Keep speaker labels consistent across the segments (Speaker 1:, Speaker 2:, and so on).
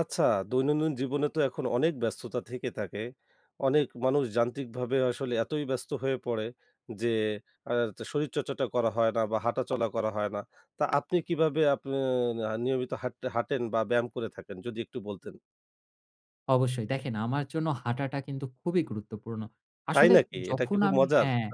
Speaker 1: আচ্ছা, দৈনন্দিন জীবনে তো এখন অনেক ব্যস্ততা থেকে থাকে। অনেক মানুষ যান্ত্রিকভাবে আসলে এতই ব্যস্ত হয়ে পড়ে যে, আতা শরীর চর্চাটা করা হয় না বা হাঁটা চলা করা হয় না। তা আপনি কিভাবে আপে না নিয়মিত হাট হাঁটেন? বা ব্যায়াম করে থাকেন? যদি একটু বলতেন।
Speaker 2: অবশ্যই। দেখেন আমার জন্য হাঁটাটা কিন্তু খুবই গুরুত্বপূর্ণ।
Speaker 1: তাই
Speaker 2: আসলে
Speaker 1: নাকি? এটা কি
Speaker 2: যখন
Speaker 1: খুব
Speaker 2: আমি
Speaker 1: মজার?
Speaker 2: হ্যাঁ।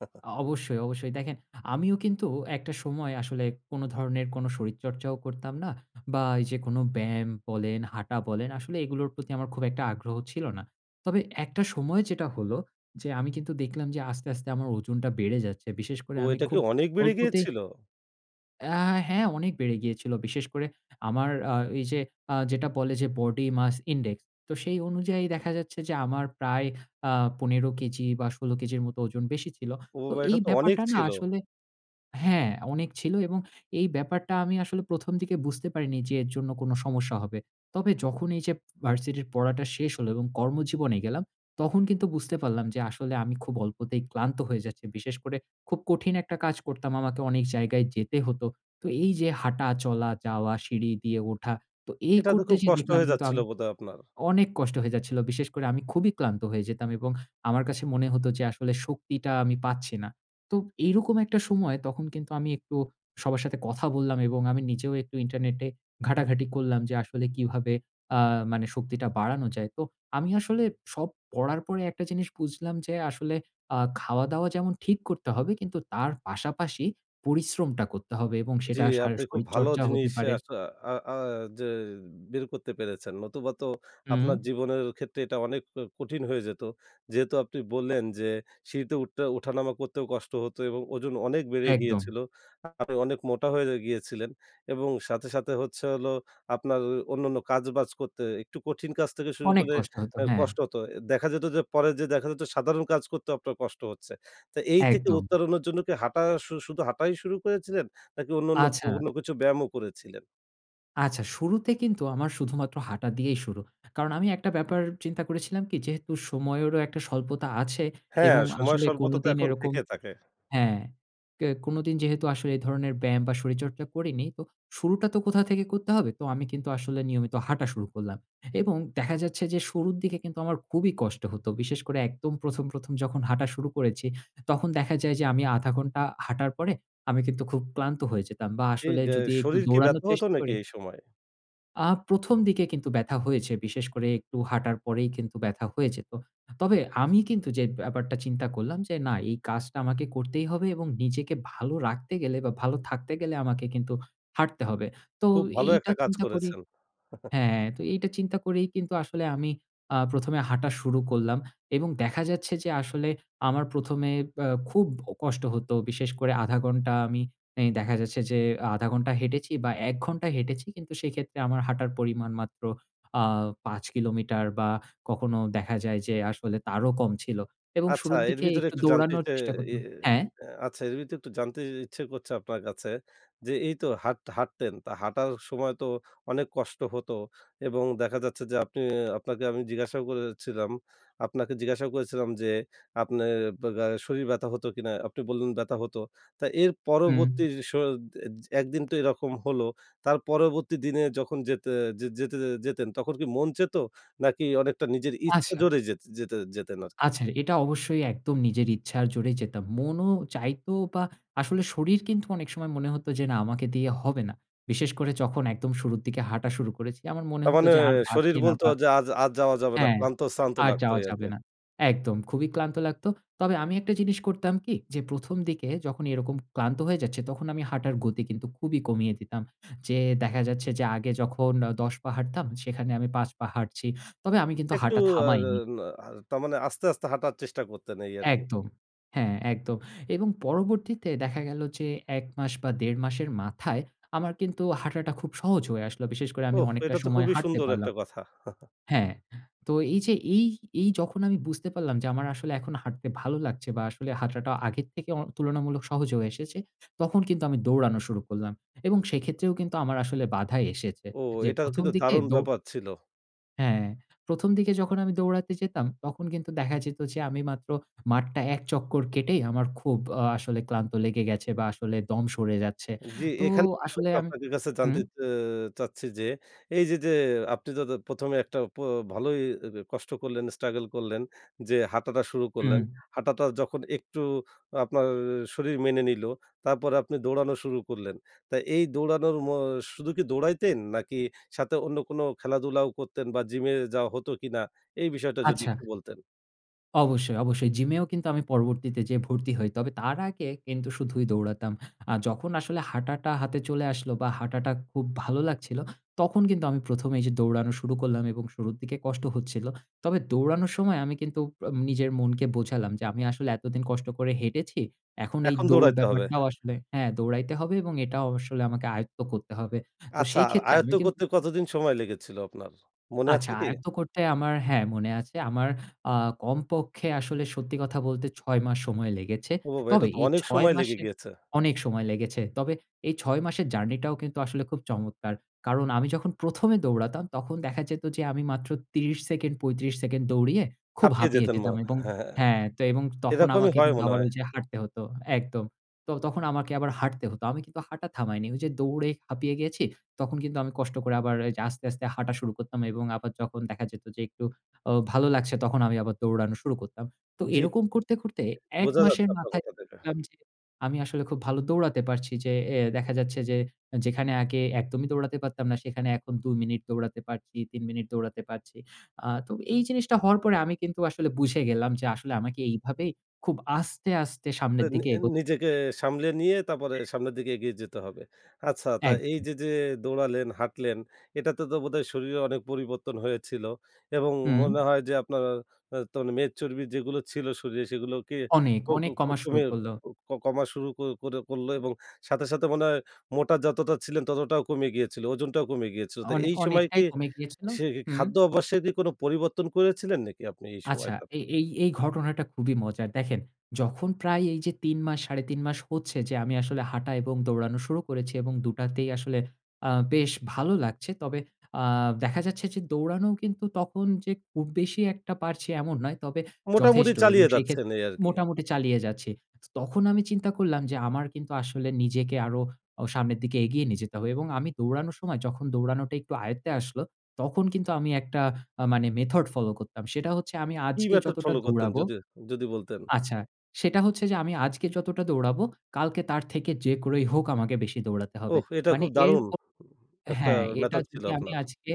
Speaker 2: অ অবশ্যই, অবশ্যই। দেখেন আমিও কিন্তু একটা সময় আসলে কোনো ধরনের কোনো শরীরচর্চা ও করতাম না বা এইযে কোন ব্যায়াম বলেন হাঁটা বলেন, আসলে এগুলোর প্রতি আমার খুব একটা আগ্রহ ছিল না। তবে একটা সময় যেটা হলো, যে আমি কিন্তু দেখলাম যে আস্তে, আস্তে আমার ওজনটা বেড়ে যাচ্ছে। বিশেষ করে
Speaker 1: ও
Speaker 2: আমি
Speaker 1: এটা কি
Speaker 2: খুব
Speaker 1: অনেক বেড়ে
Speaker 2: অল্পতেই
Speaker 1: গিয়েছিল?
Speaker 2: আ হ্যাঁ অনেক বেড়ে গিয়েছিল। বিশেষ করে আমার আ এইযে আ যেটা বলে যে Body Mass Index, তো সেই অনুযায়ী দেখা যাচ্ছে যে আমার প্রায় আ ১৫ কেজি বা ১৬ কেজির মত ওজন বেশি ছিল।
Speaker 1: ও
Speaker 2: তো এই
Speaker 1: এটা তো অনেক
Speaker 2: ব্যাপারটা না
Speaker 1: ছিল।
Speaker 2: আসলে হ্যাঁ অনেক ছিল এবং এই ব্যাপারটা আমি আসলে ১ম দিকে বুঝতে পারিনি যে এর জন্য কোনো সমস্যা হবে। তবে যখন এই যে ভার্সিটির পড়াটা শেষ হলো এবং কর্মজীবনে গেলাম তখন কিন্তু বুঝতে পারলাম যে আসলে আমি খুব অল্পতেই ক্লান্ত হয়ে যাচ্ছি, বিশেষ করে খুব কঠিন একটা কাজ করতাম আমাকে অনেক জায়গায় যেতে হতো, তো এই যে হাঁটা, চলা, যাওয়া সিঁড়ি দিয়ে ওঠা, তো এই
Speaker 1: এটা তো
Speaker 2: করতে
Speaker 1: খুব
Speaker 2: যেয়ে
Speaker 1: কষ্ট
Speaker 2: দেখলাম
Speaker 1: হয়ে
Speaker 2: কিন্তু
Speaker 1: যাচ্ছিল
Speaker 2: আমি
Speaker 1: বোধহয় আপনার।
Speaker 2: অনেক কষ্ট হয়ে যাচ্ছিল। বিশেষ করে আমি খুবই ক্লান্ত হয়ে যেতাম এবং আমার কাছে মনে হত যে আসলে শক্তিটা আমি পাচ্ছি না। তো এইরকম একটা সময় তখন কিন্তু আমি একটু সবার সাথে কথা বললাম এবং আমি নিজেও একটু ইন্টারনেটে ঘাঁটাঘাঁটি করলাম, যে আসলে কিভাবে আ মানে শক্তিটা বাড়ানো যায়। তো আমি আসলে সব পড়ার পরে একটা জিনিস বুঝলাম যে আসলে আ খাওয়া-দাওয়া যেমন ঠিক করতে হবে কিন্তু তার পাশাপাশি পরিশ্রমটা করতে হবে এবং
Speaker 1: জি
Speaker 2: সেটা শা
Speaker 1: আপনি খুব ভালো
Speaker 2: শরীরচর্চা হতে
Speaker 1: জিনিস
Speaker 2: পারে
Speaker 1: আস আ আ যে বের করতে পেরেছেন নতুবা তো
Speaker 2: হুম।
Speaker 1: আপনার জীবনের ক্ষেত্রে এটা অনেক ক কঠিন হয়ে যেত। যেহেতু আপনি বললেন যে সিঁড়িতে উঠতে উঠানামা করতেও কষ্ট হতো এবং ওজন অনেক বেড়ে
Speaker 2: একদম।
Speaker 1: গিয়েছিলো। আপনি অনেক মোটা হয়ে গিয়েছিলেন এবং সাথে, সাথে হচ্ছে হলো আপনার অন্যান্য কাজ-বাজ করতে একটু কঠিন কাজ থেকে শুরু
Speaker 2: অনেক
Speaker 1: করে
Speaker 2: কষ্ট হত।
Speaker 1: আ
Speaker 2: হ্যাঁ।
Speaker 1: কষ্ট হত। এ দেখা যেত যে পরে যে দেখা যেত সাধারণ কাজ করতেও আপনার কষ্ট হচ্ছে। তা এই থেকে
Speaker 2: একদম।
Speaker 1: উত্তরণের জন্য কি হাঁটা শু শুধু হাঁটাই শুরু করেছিলেন? নাকি অন্যান্য ও
Speaker 2: আচ্ছা।
Speaker 1: অন্য কিছু ব্যায়ামও করেছিলেন?
Speaker 2: আচ্ছা, শুরুতে কিন্তু আমার শুধুমাত্র হাঁটা দিয়েই শুরু। কারণ আমি একটা ব্যাপার চিন্তা করেছিলাম কি? যেহেতু সময়েরও একটা স্বল্পতা আছে
Speaker 1: হ্যাঁ,
Speaker 2: এবং
Speaker 1: সময়
Speaker 2: আসলে
Speaker 1: স্বল্পতা তো
Speaker 2: কোনদিন
Speaker 1: এখন
Speaker 2: এরকম
Speaker 1: থেকে থাকে।
Speaker 2: হ্যাঁ। অ্যা কে কোনোদিন যেহেতু আসলে এই ধরনের ব্যায়াম বা শরীরচর্চা করিনি, তো শুরুটা তো কোথাও থেকে করতে হবে। তো আমি কিন্তু আসলে নিয়মিত হাঁটা শুরু করলাম। এবং দেখা যাচ্ছে যে শুরুর দিকে কিন্তু আমার খুবই কষ্ট হত। বিশেষ করে একদম ১ম, ১ম যখন হাঁটা শুরু করেছি, তখন দেখা যায় যে আমি আধা ঘন্টা হাঁটার পরে, আমি কিন্তু খুব ক্লান্ত হয়ে যেতাম বা
Speaker 1: এই
Speaker 2: আসলে
Speaker 1: গ্যা এই
Speaker 2: যদি একটু
Speaker 1: শরীর কি
Speaker 2: দৌড়ানোর
Speaker 1: ব্যথা হত
Speaker 2: চেষ্টা
Speaker 1: নাকি
Speaker 2: করি
Speaker 1: এই সময়?
Speaker 2: আ ১ম দিকে কিন্তু ব্যাথা হয়েছে। বিশেষ করে একটু হাঁটার পরেই কিন্তু ব্যথা হয়ে যেত। তবে আমি কিন্তু যে ব্যাপারটা চিন্তা করলাম যে না, এই কাজটা আমাকে করতেই হবে এবং নিজেকে ভালো রাখতে গেলে বা ভালো থাকতে গেলে আমাকে কিন্তু হাঁটতে হবে। তো
Speaker 1: খুব ভালো
Speaker 2: এইটা
Speaker 1: একটা কাজ
Speaker 2: চিন্তা করি
Speaker 1: করেছেন।
Speaker 2: হ্যাঁ, হ্যাঁ তো এইটা চিন্তা করেই কিন্তু আসলে আমি আ ১মে হাঁটা শুরু করলাম এবং দেখা যাচ্ছে যে আসলে আমার ১ম এ ব এ খুব কষ্ট হত, বিশেষ করে আধা ঘন্টা আমি এ দেখা যাচ্ছে যে আধা ঘন্টা হেঁটেছি বা ১ ঘন্টা হেঁটেছি কিন্তু, সেক্ষেত্রে আমার হাঁটার পরিমাণ মাত্র আ ৫ কিলোমিটার বা কখনো দেখা যায় যে আসলে তারও কম ছিল এবং
Speaker 1: আচ্ছা,
Speaker 2: শুরুর
Speaker 1: এর
Speaker 2: দিকে
Speaker 1: ভিতরে
Speaker 2: একটু
Speaker 1: একটু জানতে
Speaker 2: দৌড়ানোর
Speaker 1: চাই
Speaker 2: চেষ্টা
Speaker 1: এ
Speaker 2: করতাম হ্যাঁ?
Speaker 1: আ আচ্ছা এর ভিতরে একটু জানতে ইচ্ছে করছে আপনার কাছে, যে এই তো হাট হাঁটতেন, তা হাঁটার সময় তো অনেক কষ্ট হতো এবং দেখা যাচ্ছে যে আপনি আপনাকে আমি জিজ্ঞাসাও করেছিলাম, আপনাকে জিজ্ঞাসাও করেছিলাম যে, "আপনার ব আ গ্যা শরীর ব্যথা হত কিনা?" আপনি বললেন, "ব্যাথা হতো।" তা এর
Speaker 2: হুম।
Speaker 1: পরবর্তী স এ দ জ ১ দিন তো এরকম হলো, তার পরবর্তী দিনে যখন যেতে যেতে যেতেন তখন কি মন চেত? নাকি অনেকটা নিজের ইচ্ছা
Speaker 2: আচ্ছা।
Speaker 1: জোরে যেতে যেতে যেতেন আরকি?
Speaker 2: আচ্ছা, এটা অবশ্যই একদম নিজের ইচ্ছার জোরে যেতাম। মনও চাইত বা আসলে শরীর কিন্তু অনেক সময় মনে হত যে না আমাকে দিয়ে হবে না। বিশেষ করে যখন একদম শুরুর দিকে হাঁটা শুরু করেছি, আমার মনে
Speaker 1: তার
Speaker 2: হত
Speaker 1: মানে
Speaker 2: যে আর
Speaker 1: শরীর
Speaker 2: পারছি না
Speaker 1: বলত
Speaker 2: বা
Speaker 1: যে আজ আজ যাওয়া যাবে না।
Speaker 2: হ্যাঁ।
Speaker 1: ক্লান্ত-শ্রান্ত
Speaker 2: আর
Speaker 1: লাগত
Speaker 2: যাওয়া
Speaker 1: এই
Speaker 2: যাবে
Speaker 1: আরকি।
Speaker 2: না। একদম খুবই ক্লান্ত লাগত। তবে আমি একটা জিনিস করতাম কী? যে ১ম দিকে যখন এরকম ক্লান্ত হয়ে যাচ্ছি, তখন আমি হাঁটার গতি কিন্তু খুবই কমিয়ে দিতাম। যে দেখা যাচ্ছে যে আগে যখন ১০ পা হাঁটতাম, সেখানে আমি ৫ পা হাঁটছি। তবে আমি কিন্তু
Speaker 1: একটু
Speaker 2: হাঁটা
Speaker 1: আর
Speaker 2: থামাইনি
Speaker 1: না আ তারমানে আস্তে, আস্তে হাঁটার চেষ্টা করতেন এই আরকি।
Speaker 2: একদম। হ্যাঁ একদম। এবং পরবর্তীতে দেখা গেল যে, ১ মাস বা ১.৫ মাসের মাথায় আমার কিন্তু হাঁটাটা খুব সহজ হয়ে আসলো। বিশেষ করে আমি
Speaker 1: ওফ!
Speaker 2: অনেকটা
Speaker 1: এটা তো
Speaker 2: সময়
Speaker 1: খুবই
Speaker 2: হাঁটতে
Speaker 1: সুন্দর
Speaker 2: পারলাম
Speaker 1: একটা কথা।
Speaker 2: হ্যাঁ। তো এই যে এই, এই যখন আমি বুঝতে পারলাম, যে আমার আসলে এখন হাঁটতে ভালো লাগছে বা আসলে হাঁটাটা আগের থেকে অ তুলনামূলক সহজ হয়ে এসেছে, তখন কিন্তু আমি দৌড়ানো শুরু করলাম এবং সেক্ষেত্রেও কিন্তু আমার আসলে বাধা এসেছে।
Speaker 1: ও!
Speaker 2: যে
Speaker 1: এটা
Speaker 2: ১ম
Speaker 1: কিন্তু
Speaker 2: দিকে
Speaker 1: দারুণ
Speaker 2: দো
Speaker 1: ব্যাপার ছিল।
Speaker 2: হ্যাঁ, ১ম দিকে যখন আমি দৌড়াতে যেতাম, তখন কিন্তু দেখা যেত যে আমি মাত্র মাঠটা এক চক্কর কেটেই আমার খুব আ আসলে ক্লান্ত লেগে গেছে বা আসলে দম সরে যাচ্ছে।
Speaker 1: জ্বি,
Speaker 2: তো
Speaker 1: এখান [unintelligible]
Speaker 2: আসলে আম
Speaker 1: আপনাদের কাছে
Speaker 2: হুম?
Speaker 1: জানতে অ্যা চাচ্ছি যে, এই যে, যে আপনি য ১ মে একটা প ভালোই এ কষ্ট করলেন, স্ট্রাগল করলেন যে হাঁটাটা শুরু করলেন।
Speaker 2: হুম।
Speaker 1: হাঁটাটা যখন একটু আপনার শরীর মেনে নিলো তারপরে আপনি দৌড়ানো শুরু করলেন। তা এই দৌড়ানোর ম শুধু কি দৌড়াইতেন? নাকি সাথে অন্য কোনো খেলাধুলাও করতেন? বা জিমে যাওয়া হত কিনা? এই বিষয়টা যদি
Speaker 2: আচ্ছা।
Speaker 1: একটু বলতেন।
Speaker 2: অবশ্যই, অবশ্যই জিমেও কিন্তু আমি পরবর্তীতে যেয়ে ভর্তি হই। তবে তার আগে কিন্তু শুধুই দৌড়াতাম। আ যখন আসলে হাঁটাটা হাতে চলে আসলো বা হাঁটাটা খুব ভালো লাগছিলো তখন কিন্তু আমি ১মে এইযে দৌড়ানো শুরু করলাম এবং শুরুর দিকে কষ্ট হচ্ছিল। তবে দৌড়ানোর সময় আমি কিন্তু আম নিজের মনকে বোঝালাম যে আমি আসলে এতদিন কষ্ট করে হেঁটেছি। এখন এই
Speaker 1: এখন
Speaker 2: দৌড়
Speaker 1: দৌড়াইতে হবে।
Speaker 2: ব্যাপারটাও আসলে
Speaker 1: হ্যাঁ।
Speaker 2: হ্যাঁ দৌড়াইতে হবে এবং এটাও আসলে আমাকে আয়ত্ত করতে হবে। তো
Speaker 1: আচ্ছা,
Speaker 2: সেই
Speaker 1: আ
Speaker 2: ক্ষেত্রে আমি
Speaker 1: আয়ত্ত
Speaker 2: কিন
Speaker 1: করতে কতদিন সময় লেগেছিল আপনার? মনে
Speaker 2: আচ্ছা,
Speaker 1: আছে কি?
Speaker 2: আয়ত্ত করতে আমার হ্যাঁ, মনে আছে আমার আ কমপক্ষে আসলে সত্যি কথা বলতে ৬ মাস সময় লেগেছে।
Speaker 1: ও বাবা!
Speaker 2: তবে
Speaker 1: এটা তো
Speaker 2: এই
Speaker 1: অনেক
Speaker 2: ৬
Speaker 1: সময় লেগে
Speaker 2: মাসে
Speaker 1: গিয়েছে!
Speaker 2: অনেক সময় লেগেছে। তবে এই ৬ মাসের জার্নি টাও কিন্তু আসলে খুব চমৎকার। কারণ আমি যখন ১মে দৌড়াতাম তখন দেখা যেত যে আমি মাত্র ৩০ সেকেন্ড, ৩৫ সেকেন্ড, দৌড়িয়ে খুব
Speaker 1: হাঁপিয়ে
Speaker 2: হাঁপিয়ে
Speaker 1: যেতেন ম
Speaker 2: যেতাম এবং
Speaker 1: হ্যাঁ।
Speaker 2: হ্যাঁ, তো এবং তখন
Speaker 1: এরকমই
Speaker 2: আমাকে
Speaker 1: হয়
Speaker 2: কিন্তু
Speaker 1: মনে
Speaker 2: আবার
Speaker 1: হয়।
Speaker 2: ঐযে হাঁটতে হত একদম। তো তখন আমাকে আবার হাঁটতে হত। আমি কিন্তু হাঁটা থামায়নি। ওই যে দৌড়ে হাপিয়ে গেছি তখন কিন্তু আমি কষ্ট করে আবার ঐযে আস্তে, আস্তে হাঁটা শুরু করতাম এবং আবার যখন দেখা যেত যে একটু ও ভালো লাগছে তখন আমি আবার দৌড়ানো শুরু করতাম। তো
Speaker 1: জি।
Speaker 2: এরকম করতে, করতে
Speaker 1: [unintelligible]
Speaker 2: ১
Speaker 1: বোঝা
Speaker 2: মাসের
Speaker 1: যাচ্ছে আপনার
Speaker 2: মাথায়
Speaker 1: কথাতে এটা।
Speaker 2: দেখলাম যে আমি আসলে খুব ভালো দৌড়াতে পারছি, যে এ দেখা যাচ্ছে যে যেখানে আগে একদমই দৌড়াতে পারতাম না। সেখানে এখন ২ মিনিট দৌড়াতে পারছি, ৩ মিনিট দৌড়াতে পারছি। আ তো এই জিনিসটা হওয়ার পরে আমি কিন্তু আসলে বুঝে গেলাম যে আসলে আমাকে এইভাবেই খুব আস্তে, আস্তে
Speaker 1: আ
Speaker 2: সামনের
Speaker 1: নি
Speaker 2: দিকে এগোতে
Speaker 1: নিজেকে
Speaker 2: [unintelligible]
Speaker 1: সামলে নিয়ে তারপরে
Speaker 2: জ্বি।
Speaker 1: সামনের দিকে এগিয়ে যেতে হবে। আচ্ছা, তা এই
Speaker 2: একদম।
Speaker 1: যে, যে দৌড়ালেন, হাঁটলেন এটাতে তো বোধহয় শরীরে অনেক পরিবর্তন হয়েছিল এবং
Speaker 2: হুম।
Speaker 1: মনে হয় যে আপনার আ তো মেদ চর্বি যেগুলো ছিল শরীরে সেগুলোকে কি
Speaker 2: অনেক,
Speaker 1: ক ক
Speaker 2: অনেক
Speaker 1: ক
Speaker 2: কমা শুরু
Speaker 1: কমিয়ে
Speaker 2: করল।
Speaker 1: ক কমা শুরু করে করলো? এবং সাথে, সাথে মনে হয় মোটা যতটা ছিলেন ততটাও কমে গিয়েছিলো, ওজনটাও কমে গিয়েছিল। তা
Speaker 2: অনেক
Speaker 1: এই সময়
Speaker 2: অনেকটাই
Speaker 1: কি
Speaker 2: কমে গিয়েছিল।
Speaker 1: সে
Speaker 2: হুম।
Speaker 1: খাদ্য অভ্যাসে কি কোন পরিবর্তন করেছিলেন নাকি আপনি এই
Speaker 2: আচ্ছা,
Speaker 1: সময়টাতে?
Speaker 2: এ এই এই ঘটনাটা খুবই মজার। দেখেন, যখন প্রায় এই যে ৩ মাস ৩.৫ মাস হচ্ছে যে আমি আসলে হাঁটা এবং দৌড়ানো শুরু করেছি এবং ২ তেই আসলে আ বেশ ভালো লাগছে। তবে আ দেখা যাচ্ছে যে দৌড়ানো কিন্তু তখন যে খুব বেশি একটা পারছি এমন নয়। তবে
Speaker 1: মোটামুটি
Speaker 2: যথেষ্ট এবং
Speaker 1: চালিয়ে যাচ্ছেন
Speaker 2: সেক্ষেত্রে
Speaker 1: এই আরকি।
Speaker 2: মোটামুটি চালিয়ে যাচ্ছি। চ তখন আমি চিন্তা করলাম যে আমার কিন্তু আসলে নিজেকে আরো অ সামনের দিকে এগিয়ে নিয়ে যেতে হবে। এবং আমি দৌড়ানোর সময় যখন দৌড়ানোটা একটু আয়ত্তে আসলো তখন কিন্তু আমি একটা আ মানে মেথড ফলো করতাম। সেটা হচ্ছে যে আমি
Speaker 1: কি
Speaker 2: আজকে
Speaker 1: মেথড
Speaker 2: যতটা
Speaker 1: ফলো করতেন?
Speaker 2: দৌড়াবো
Speaker 1: যদি, যদি বলতেন।
Speaker 2: আচ্ছা সেটা হচ্ছে যে আমি আজকে যতটা দৌড়াবো, কালকে তার থেকে যে করেই হোক আমাকে বেশি দৌড়াতে হবে।
Speaker 1: ওহ! এটা
Speaker 2: মানে
Speaker 1: খুব
Speaker 2: এর
Speaker 1: দারুন!
Speaker 2: ক
Speaker 1: উ একটা
Speaker 2: হ্যাঁ এটা
Speaker 1: মেথড ছিল
Speaker 2: যদি আমি
Speaker 1: আপনার।
Speaker 2: আজকে,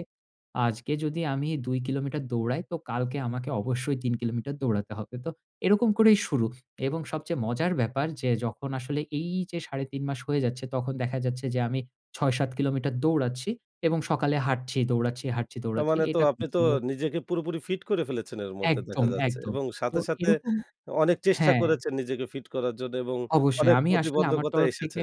Speaker 2: আজকে যদি আমি ২ কিলোমিটার দৌড়াই তো কালকে আমাকে অবশ্যই ৩ কিলোমিটার দৌড়াতে হবে। তো এরকম করেই শুরু এবং সবচেয়ে মজার ব্যাপার যে যখন আসলে এই যে ৩.৫ মাস হয়ে যাচ্ছে তখন দেখা যাচ্ছে যে আমি ৬-৭ কিলোমিটার দৌড়াচ্ছি এবং সকালে হাঁটছি, দৌড়াচ্ছি, হাটছি,
Speaker 1: তার
Speaker 2: দৌড়াচ্ছি
Speaker 1: মানে তো
Speaker 2: এটা
Speaker 1: আপনি তো
Speaker 2: [unintelligible]
Speaker 1: নিজেকে পুরোপুরি ফিট করে ফেলেছেন এর মধ্যে
Speaker 2: একদম,
Speaker 1: দেখা যাচ্ছে।
Speaker 2: একদম।
Speaker 1: এবং
Speaker 2: তো
Speaker 1: সাথে, সাথে
Speaker 2: এরকম
Speaker 1: অনেক চেষ্টা
Speaker 2: হ্যাঁ।
Speaker 1: করেছেন নিজেকে ফিট করার জন্য এবং
Speaker 2: অবশ্যই
Speaker 1: অনেক
Speaker 2: আমি আসলে আমার
Speaker 1: প্রতিবন্ধকতা
Speaker 2: তরফ থেকে
Speaker 1: এসেছে।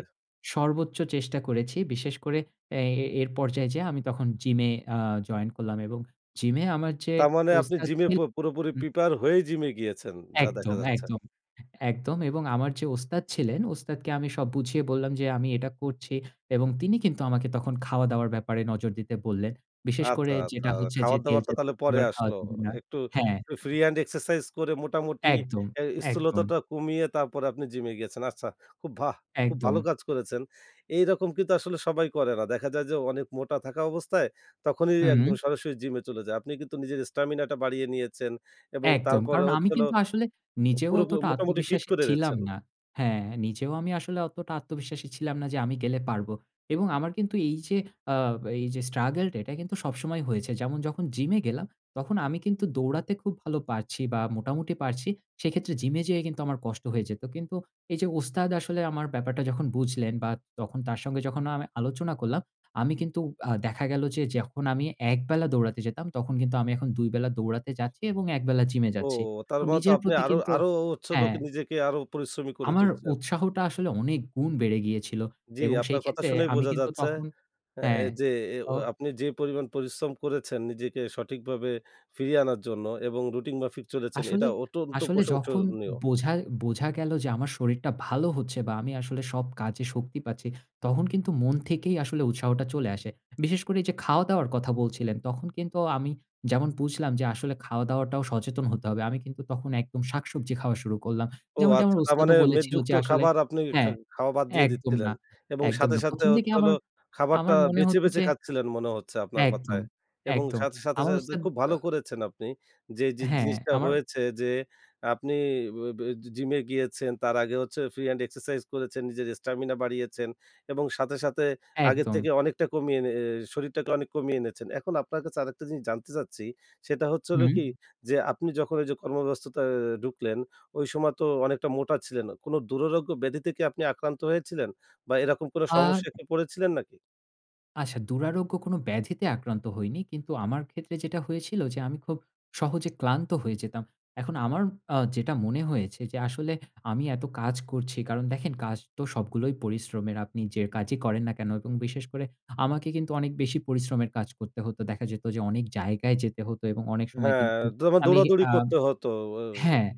Speaker 2: সর্বোচ্চ চেষ্টা করেছি। বিশেষ করে এ এই এর পর্যায়ে যেয়ে আমি তখন জিম এ অ্যা জয়েন করলাম এবং জিম এ আমার যে
Speaker 1: তার মানে আপনি
Speaker 2: ওস্তাদ
Speaker 1: জিম এ
Speaker 2: ছিল
Speaker 1: প পুরোপুরি
Speaker 2: উম
Speaker 1: প্রিপেয়ার হয়ে জিম এ গিয়েছেন যা দেখা
Speaker 2: একদম,
Speaker 1: যাচ্ছে।
Speaker 2: একদম, একদম এবং আমার যে ওস্তাদ ছিলেন ওস্তাদকে আমি সব বুঝিয়ে বললাম যে, "আমি এটা করছি।" এবং তিনি কিন্তু আমাকে তখন খাওয়া দাওয়ার ব্যাপারে নজর দিতে বললেন। বিশেষ করে
Speaker 1: আচ্ছা, আচ্ছা।
Speaker 2: যেটা হচ্ছে যে
Speaker 1: খাবার
Speaker 2: তেল
Speaker 1: দাবারটা
Speaker 2: জাতীয়
Speaker 1: তাহলে পরে
Speaker 2: খাবার খাওয়া
Speaker 1: আসলো।
Speaker 2: যাবে না।
Speaker 1: একটু,
Speaker 2: হ্যাঁ
Speaker 1: একটু ফ্রি হ্যান্ড এক্সারসাইজ করে মোটামুটি
Speaker 2: একদম,
Speaker 1: এ
Speaker 2: একদম।
Speaker 1: স্থূলতাটা কমিয়ে তারপরে আপনি জিম এ গেছেন। আচ্ছা, খুব ভা খুব ভালো
Speaker 2: একদম।
Speaker 1: কাজ করেছেন। এইরকম কিন্তু আসলে সবাই করে না। দেখা যায় যে অনেক মোটা থাকা অবস্থায় তখনই একদম
Speaker 2: হুম।
Speaker 1: সরাসরি জিম এ চলে যায়। আপনি কিন্তু নিজের স্টামিনা টা বাড়িয়ে নিয়েছেন। এবং
Speaker 2: একদম।
Speaker 1: তারপরে
Speaker 2: কারণ আমি
Speaker 1: হচ্ছিল
Speaker 2: কিন্তু আসলে নিজেও
Speaker 1: পুরো
Speaker 2: অতটা
Speaker 1: মোটামুটি ফিট
Speaker 2: আত্মবিশ্বাস
Speaker 1: করে
Speaker 2: ছিলাম
Speaker 1: ফেলেছেন।
Speaker 2: না। হ্যাঁ নিজেও আমি আসলে অতটা আত্মবিশ্বাসী ছিলাম না যে আমি গেলে পারব। এবং আমার কিন্তু এই যে আ এই যে স্ট্রাগল টা এটা কিন্তু সবসময় হয়েছে। যেমন যখন জিম এ গেলাম তখন আমি কিন্তু দৌড়াতে খুব ভালো পারছি বা মোটামুটি পারছি সেক্ষেত্রে জিমে যেয়ে কিন্তু আমার কষ্ট হয়ে যেত। কিন্তু এই যে ওস্তাদ আসলে আমার ব্যাপারটা যখন বুঝলেন বা তখন তার সঙ্গে যখন আমি আলোচনা করলাম আমি কিন্তু আ দেখা গেল যে যখন আমি ১ বেলা দৌড়াতে যেতাম তখন কিন্তু আমি এখন ২ বেলা দৌড়াতে যাচ্ছি এবং ১ বেলা জিম এ
Speaker 1: ও!
Speaker 2: যাচ্ছি।
Speaker 1: তার
Speaker 2: তো
Speaker 1: মানে তো
Speaker 2: নিজের
Speaker 1: আপনি
Speaker 2: প্রতি
Speaker 1: আরো,
Speaker 2: কিন্তু
Speaker 1: আরো হচ্ছে হল
Speaker 2: হ্যাঁ।
Speaker 1: নিজেকে আরো পরিশ্রমী করে
Speaker 2: আমার
Speaker 1: তুলছেন।
Speaker 2: উৎসাহটা আসলে অনেক গুণ বেড়ে গিয়েছিল
Speaker 1: জ্বি,
Speaker 2: এবং সেই
Speaker 1: আপনার কথা
Speaker 2: ক্ষেত্রে
Speaker 1: শুনেই
Speaker 2: আমি
Speaker 1: বোঝা
Speaker 2: কিন্তু
Speaker 1: যাচ্ছে
Speaker 2: তখন
Speaker 1: এ
Speaker 2: হ্যাঁ,
Speaker 1: যে ও
Speaker 2: অহ
Speaker 1: আ আপনি যে পরিমাণ পরিশ্রম করেছেন নিজেকে সঠিকভাবে ফিরিয়ে আনার জন্য এবং রুটিন মাফিক চলেছেন
Speaker 2: আসলে,
Speaker 1: এটা অত্যন্ত
Speaker 2: আসলে যখন
Speaker 1: প্রশংসনীয়।
Speaker 2: বোঝা বোঝা গেল যে আমার শরীরটা ভালো হচ্ছে বা আমি আসলে সব কাজে শক্তি পাচ্ছি তখন কিন্তু মন থেকেই আসলে উৎসাহটা চলে আসে। বিশেষ করে এই যে খাওয়া-দাওয়ার কথা বলছিলেন। তখন কিন্তু আমি যেমন বুঝলাম যে আসলে খাওয়াদাওয়াটাও সচেতন হতে হবে। আমি কিন্তু তখন একদম শাকসবজি খাওয়া শুরু করলাম।
Speaker 1: ও
Speaker 2: যেমনটি আমার
Speaker 1: আচ্ছা। তার
Speaker 2: ওস্তাদও
Speaker 1: মানে
Speaker 2: বলেছিল
Speaker 1: মেদযুক্ত
Speaker 2: যে আসলে
Speaker 1: খাবার আপনি খা
Speaker 2: হ্যাঁ,
Speaker 1: খাওয়া বাদ দিয়ে
Speaker 2: একদম
Speaker 1: দিচ্ছিলেন
Speaker 2: না,
Speaker 1: এবং
Speaker 2: একদম
Speaker 1: সাথে,
Speaker 2: না।
Speaker 1: সাথে
Speaker 2: ১ম দিকে
Speaker 1: হচ্ছে হলো
Speaker 2: আমার,
Speaker 1: খাবারটা
Speaker 2: আমার মনে
Speaker 1: বেছে,
Speaker 2: হত
Speaker 1: বেছে
Speaker 2: যে
Speaker 1: খাচ্ছিলেন মনে হচ্ছে আপনার
Speaker 2: একদম,
Speaker 1: কথায়। এবং
Speaker 2: একদম।
Speaker 1: সাথে, সাথে,
Speaker 2: আমার
Speaker 1: সাথে
Speaker 2: ওস্তাদ
Speaker 1: খুব ভালো
Speaker 2: আহ
Speaker 1: করেছেন আপনি যে, যে
Speaker 2: হ্যাঁ,
Speaker 1: জিনিসটা
Speaker 2: আমার
Speaker 1: হয়েছে যে আপনি ব এ জিম এ গিয়েছেন তার আগে হচ্ছে ফ্রি হ্যান্ড এক্সারসাইজ করেছেন, নিজের স্টামিনা বাড়িয়েছেন এবং সাথে, সাথে আগের
Speaker 2: একদম।
Speaker 1: থেকে অনেকটা কমিয়ে নি আ শরীরটাকে অনেক কমিয়ে এনেছেন। এখন আপনার কাছে আরেকটা জিনিস জানতে চাচ্ছি সেটা হচ্ছে হলো
Speaker 2: হুম?
Speaker 1: কি? যে আপনি যখন এই যে কর্ম ব্যস্ততা এ ঢুকলেন ওই সময় তো অনেকটা মোটা ছিলেন। কোন দুরারোগ্য ব্যাধিতে কি আপনি আক্রান্ত হয়েছিলেন? বা এরকম কোন
Speaker 2: আর
Speaker 1: সমস্যায় কি পড়েছিলেন নাকি?
Speaker 2: আচ্ছা দুরারোগ্য কোনো ব্যাধিতে আক্রান্ত হইনি। কিন্তু আমার ক্ষেত্রে যেটা হয়েছিল যে আমি খুব সহজে ক্লান্ত হয়ে যেতাম। এখন আমার আ যেটা মনে হয়েছে যে আসলে আমি এত কাজ করছি কারণ দেখেন কাজ তো সবগুলোই পরিশ্রমের। আপনি যে কাজই করেন না কেনো এবং বিশেষ করে আমাকে কিন্তু অনেক বেশি পরিশ্রমের কাজ করতে হতো। দেখা যেত যে অনেক জায়গায় যেতে হতো এবং অনেক সময়
Speaker 1: হ্যাঁ,
Speaker 2: কিন্তু
Speaker 1: দৌড়া
Speaker 2: আমি
Speaker 1: দৌড়াদৌড়ি
Speaker 2: আ
Speaker 1: করতে হত। অ্যা অউ
Speaker 2: হ্যাঁ,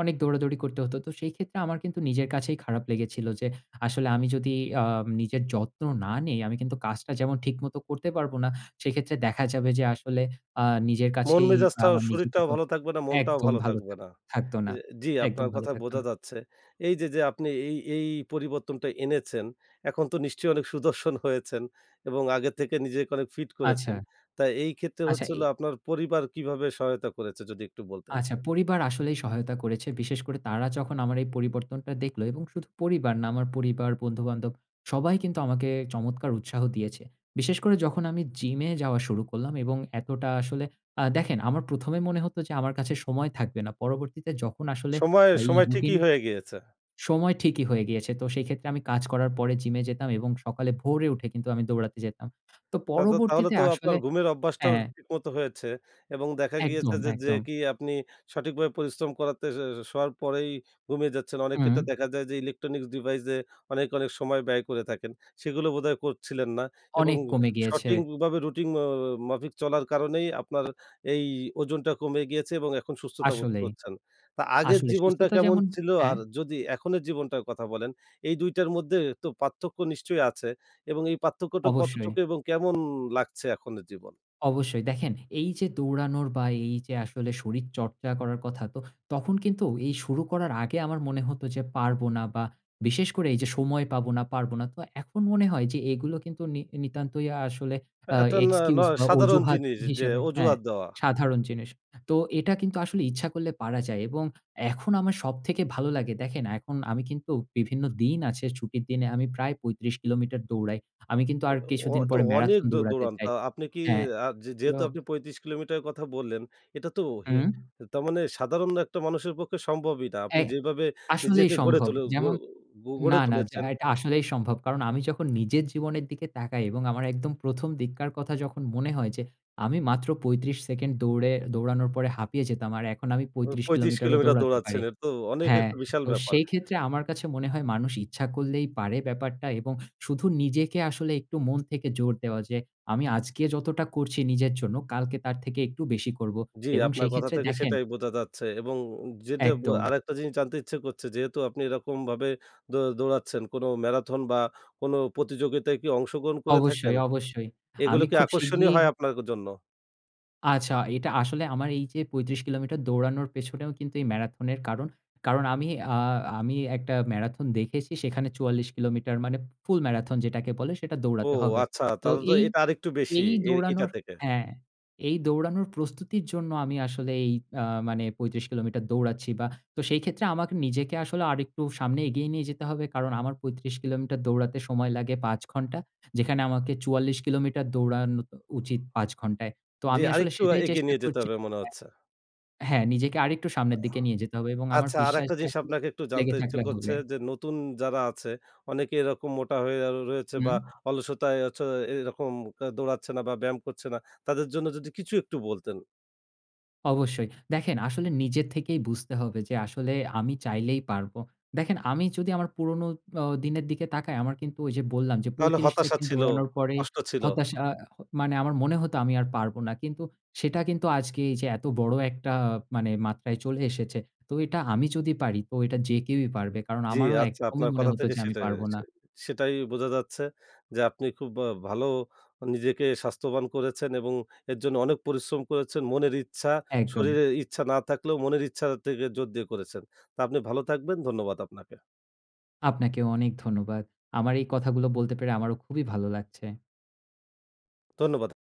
Speaker 2: অনেক দৌড়াদৌড়ি করতে হতো। তো সেই ক্ষেত্রে আমার কিন্তু নিজের কাছেই খারাপ লেগেছিল যে আসলে আমি যদি আম নিজের যত্ন না নেই আমি কিন্তু কাজটা যেমন ঠিকমত করতে পারব না। সেইক্ষেত্রে দেখা যাবে যে আসলে আ নিজের কাছেই
Speaker 1: মন-মেজাজটা,
Speaker 2: আমার
Speaker 1: শরীরটাও
Speaker 2: নিজেকেও
Speaker 1: ভালো থাকবে না, মনটাও
Speaker 2: একদম
Speaker 1: ভালো
Speaker 2: ভালো
Speaker 1: থাকবে না।
Speaker 2: থাকত না।
Speaker 1: অ্যা জি
Speaker 2: একদম
Speaker 1: আপনার
Speaker 2: ভালো
Speaker 1: কথায়
Speaker 2: থাকত
Speaker 1: বোঝা
Speaker 2: না।
Speaker 1: যাচ্ছে। এইযে যে আপনি এই, এই পরিবর্তনটা এনেছেন এখন তো নিশ্চয়ই অনেক সুদর্শন হয়েছেন এবং আগের থেকে নিজেকে অনেক ফিট করেছেন।
Speaker 2: আচ্ছা।
Speaker 1: তা এইক্ষেত্রে
Speaker 2: আচ্ছা
Speaker 1: হচ্ছে
Speaker 2: এ
Speaker 1: হলো আপনার পরিবার কীভাবে সহায়তা করেছে? যদি একটু বলতেন।
Speaker 2: আচ্ছা পরিবার আসলেই সহায়তা করেছে। বিশেষ করে তারা যখন আমার এই পরিবর্তনটা দেখলো এবং শুধু পরিবার না আমার পরিবার, বন্ধু-বান্ধব সবাই কিন্তু আমাকে চমৎকার উৎসাহ দিয়েছে। বিশেষ করে যখন আমি জিমে যাওয়া শুরু করলাম এবং এতটা আসলে আ দেখেন আমার ১ম এ মনে হতো যে আমার কাছে সময় থাকবে না। পরবর্তীতে যখন আসলে
Speaker 1: সময়ে
Speaker 2: এই
Speaker 1: সময়
Speaker 2: রুটিন
Speaker 1: ঠিকই হয়ে গিয়েছে।
Speaker 2: সময় ঠিকই হয়ে গিয়েছে। তো সেইক্ষেত্রে আমি কাজ করার পরে জিমে যেতাম এবং সকালে ভোরে উঠে কিন্তু আমি দৌড়াতে যেতাম। তো
Speaker 1: তা তো তাহলে
Speaker 2: পরবর্তীতে
Speaker 1: তো আপনার
Speaker 2: আসলে
Speaker 1: ঘুমের
Speaker 2: হ্যাঁ,
Speaker 1: অভ্যাসটাও
Speaker 2: হ্যাঁ।
Speaker 1: ঠিক মতো হয়েছে এবং দেখা গিয়েছে
Speaker 2: একদম,
Speaker 1: যে, যে
Speaker 2: একদম।
Speaker 1: কি আপনি সঠিকভাবে পরিশ্রম করাতে অ্যা শোওয়ার পরেই ঘুমিয়ে যাচ্ছেন। অনেক
Speaker 2: হুম।
Speaker 1: ক্ষেত্রে দেখা যায় যে ইলেকট্রনিক্স ডিভাইসে অনেক, অনেক সময় ব্যয় করে থাকেন। সেগুলো বোধহয় করছিলেন না এবং
Speaker 2: অনেক কমে গিয়েছে।
Speaker 1: সঠিকভাবে রুটিন অ অ মাফিক চলার কারণেই আপনার এই ওজনটা কমে গিয়েছে এবং এখন সুস্থতা বোধ
Speaker 2: আসলেই।
Speaker 1: করছেন। তো আগের
Speaker 2: আসলে
Speaker 1: জীবনটা
Speaker 2: সুস্থতা
Speaker 1: কেমন
Speaker 2: যেমন
Speaker 1: ছিলো?
Speaker 2: হ্যাঁ।
Speaker 1: আর যদি এখনের জীবনটার কথা বলেন এই ২ টার মধ্যে তো পার্থক্য নিশ্চয়ই আছে এবং এই পার্থক্যটা কতটুকু
Speaker 2: অবশ্যই।
Speaker 1: এবং কেমন লাগছে এখনের জীবন?
Speaker 2: অবশ্যই, দেখেন এইযে দৌড়ানোর বা এইযে আসলে শরীর চর্চা করার কথা। তো তখন কিন্তু এই শুরু করার আগে আমার মনে হতো যে পারব না বা বিশেষ করে এইযে, সময় পাবো না, পারব না। তো এখন মনে হয় যে এগুলো কিন্তু নি নিতান্তই আ আসলে আ
Speaker 1: এটা না ন
Speaker 2: এক্সকিউজ বা
Speaker 1: সাধারণ
Speaker 2: অজুহাত
Speaker 1: জিনিস যে
Speaker 2: হিসাবে হ্যাঁ,
Speaker 1: অজুহাত দেওয়া।
Speaker 2: সাধারণ জিনিস। তো এটা কিন্তু আসলে ইচ্ছা করলে পারা যায় এবং এখন আমার সব থেকে ভালো লাগে দেখেন এখন আমি কিন্তু বিভিন্ন দিন আছে, ছুটির দিনে আমি প্রায় ৩৫ কিলোমিটার দৌড়াই। আমি কিন্তু
Speaker 1: অ
Speaker 2: আর কিছুদিন
Speaker 1: তো
Speaker 2: পরে
Speaker 1: অ অনেক
Speaker 2: ম্যারাথন
Speaker 1: দো
Speaker 2: দৌড়াতে
Speaker 1: দৌড়ান
Speaker 2: চাই।
Speaker 1: আ আপনি কি
Speaker 2: হ্যাঁ।
Speaker 1: আ যে
Speaker 2: তো
Speaker 1: যেহেতু আপনি ৩৫ কিলোমিটারের কথা বললেন। এটাতো হি
Speaker 2: হুম।
Speaker 1: তার মানে সাধারণ একটা মানুষের পক্ষে সম্ভবই না! আপনি
Speaker 2: অ্যাগ
Speaker 1: যেভাবে
Speaker 2: আসলেই
Speaker 1: নিজেকে গড়ে
Speaker 2: সম্ভব।
Speaker 1: তুলে গর
Speaker 2: যেমন
Speaker 1: গ
Speaker 2: না,
Speaker 1: গড়ে
Speaker 2: না য্যা
Speaker 1: তুলেছেন।
Speaker 2: এটা আসলেই সম্ভব। কারণ আমি যখন নিজের জীবনের দিকে তাকাই এবং আমার একদম ১ম দিককার কথা যখন মনে হয় যে আমি মাত্র ৩৫ সেকেন্ড দৌড়ে দৌড়ানোর পরে হাঁপিয়ে যেতাম। আর এখন আমি
Speaker 1: ও
Speaker 2: ৩৫
Speaker 1: ৩৫
Speaker 2: কিলোমিটারও
Speaker 1: কিলোমিটার
Speaker 2: দৌড়াতে পারি।
Speaker 1: দৌড়াচ্ছেন, এটাতো অনেক
Speaker 2: হ্যাঁ,
Speaker 1: একটা বিশাল
Speaker 2: তো
Speaker 1: ব্যাপার!
Speaker 2: সেইক্ষেত্রে আমার কাছে মনে হয় মানুষ ইচ্ছা করলেই পারে ব্যাপারটা এবং শু শুধু নিজেকে আসলে একটু মন থেকে জোর দেওয়া যে, "আমি আজকে যতটা করছি নিজের জন্য, কালকে তার থেকে একটু বেশি করব"
Speaker 1: জি,
Speaker 2: এবং
Speaker 1: আপনার
Speaker 2: সেই
Speaker 1: কথা
Speaker 2: ক্ষেত্রে
Speaker 1: থেকে
Speaker 2: দেখেন
Speaker 1: সেটাই বোঝা যাচ্ছে এবং যেটা উম যেটা বু
Speaker 2: একদম।
Speaker 1: আরেকটা জিনিস জানতে ইচ্ছে করছে যেহেতু আপনি এরকমভাবে দৌ দৌড়াচ্ছেন কোনো ম্যারাথন বা কোনো প্রতিযোগিতায় কি অংশগ্রহণ করে
Speaker 2: অবশ্যই,
Speaker 1: থাকেন?
Speaker 2: অবশ্যই।
Speaker 1: এগুলো
Speaker 2: আমি
Speaker 1: কি
Speaker 2: খুব
Speaker 1: আকর্ষণীয়
Speaker 2: শিগগিরই
Speaker 1: হয় আপনার জন্য?
Speaker 2: আচ্ছা, এটা আসলে আমার এই যে, ৩৫ কিলোমিটার দৌড়ানোর পেছনেও কিন্তু এই ম্যারাথনের কারণ। কারণ আমি আ আমি একটা ম্যারাথন দেখেছি, সেখানে ৪৪ কিলোমিটার মানে ফুল ম্যারাথন যেটাকে বলে, সেটা
Speaker 1: ও
Speaker 2: দৌড়াতে হবে।
Speaker 1: আচ্ছা।
Speaker 2: তো
Speaker 1: তাহলে তো
Speaker 2: এই,
Speaker 1: এটা আরেকটু বেশি
Speaker 2: এই
Speaker 1: এ এটা
Speaker 2: দৌড়ানোর
Speaker 1: থেকে।
Speaker 2: হ্যাঁ। এই দৌড়ানোর প্রস্তুতির জন্য আমি আসলে এই আ মানে ৩৫ কিলোমিটার দৌড়াচ্ছি বা তো সেইক্ষেত্রে আমাকে নিজেকে আসলে আরেকটু সামনে এগিয়ে নিয়ে যেতে হবে। কারণ আমার ৩৫ কিলোমিটার দৌড়াতে সময় লাগে ৫ ঘন্টা। যেখানে আমাকে ৪৪ কিলোমিটার দৌড়ানো উ
Speaker 1: ও।
Speaker 2: উচিত ৫ ঘন্টায়। তো
Speaker 1: জ্বি,
Speaker 2: আমি আসলে
Speaker 1: আরেকটু
Speaker 2: সেটাই
Speaker 1: এগিয়ে
Speaker 2: চেষ্টা
Speaker 1: নিয়ে যেতে
Speaker 2: করছি
Speaker 1: হবে মনে
Speaker 2: হ্যাঁ।
Speaker 1: হচ্ছে।
Speaker 2: হ্যাঁ, নিজেকে আরেকটু
Speaker 1: আহ
Speaker 2: সামনের দিকে নিয়ে যেতে হবে এবং আমার
Speaker 1: আচ্ছা, আরেকটা
Speaker 2: বিশ্বাসটা
Speaker 1: জিনিস
Speaker 2: আসলে
Speaker 1: আপনাকে একটু
Speaker 2: লেগে
Speaker 1: জানতে ইচ্ছে
Speaker 2: থাকলে হবে।
Speaker 1: করছে, যে নতুন যারা আছে অনেকে এরকম মোটা হয়ে আ রয়েছে
Speaker 2: হুম।
Speaker 1: বা অলসতায় হচ্ছে এরকম দৌড়াচ্ছে না বা ব্যায়াম করছে না। তাদের জন্য যদি কিছু একটু বলতেন।
Speaker 2: অবশ্যই। দেখেন আসলে নিজের থেকেই বুঝতে হবে যে আসলে আমি চাইলেই পারব। দেখেন আমি যদি আমার পুরনো অ দিনের দিকে তাকাই, আমার কিন্তু ওই যে বললাম যে
Speaker 1: নাহলে
Speaker 2: ৩৫
Speaker 1: হতাশা
Speaker 2: সেকেন্ড
Speaker 1: ছিল,
Speaker 2: দৌড়ানোর পরেই
Speaker 1: কষ্ট ছিল।
Speaker 2: হতাশা আ মানে আমার মনে হত, আমি আর পারব না। কিন্তু সেটা কিন্তু আজকে এইযে এতবড় একটা মানে মাত্রায় চলে এসেছে। তো এটা আমি যদি পারি, তো এটা যে কেউই পারবে। কারণ
Speaker 1: জ্বি
Speaker 2: আমারও
Speaker 1: আচ্ছা।
Speaker 2: একদমই
Speaker 1: আপনার
Speaker 2: মনে
Speaker 1: কথা
Speaker 2: হত
Speaker 1: থেকে
Speaker 2: যে আমি
Speaker 1: সেটাই
Speaker 2: পারব না।
Speaker 1: চে সেটাই বোঝা যাচ্ছে। যে আপনি খুব আ ভালো নিজেকে স্বাস্থ্যবান করেছেন এবং এর জন্য অনেক পরিশ্রম করেছেন। মনের ইচ্ছা,
Speaker 2: একদম।
Speaker 1: শরীরের ইচ্ছা না থাকলেও মনের ইচ্ছা থেকে জোর দিয়ে করেছেন। তো আপনি ভালো থাকবেন ধন্যবাদ আপনাকে।
Speaker 2: আপনাকেও অনেক ধন্যবাদ। আমার এই কথাগুলো বলতে পেরে আমারও খুবই ভাল লাগছে।
Speaker 1: ধন্যবাদ।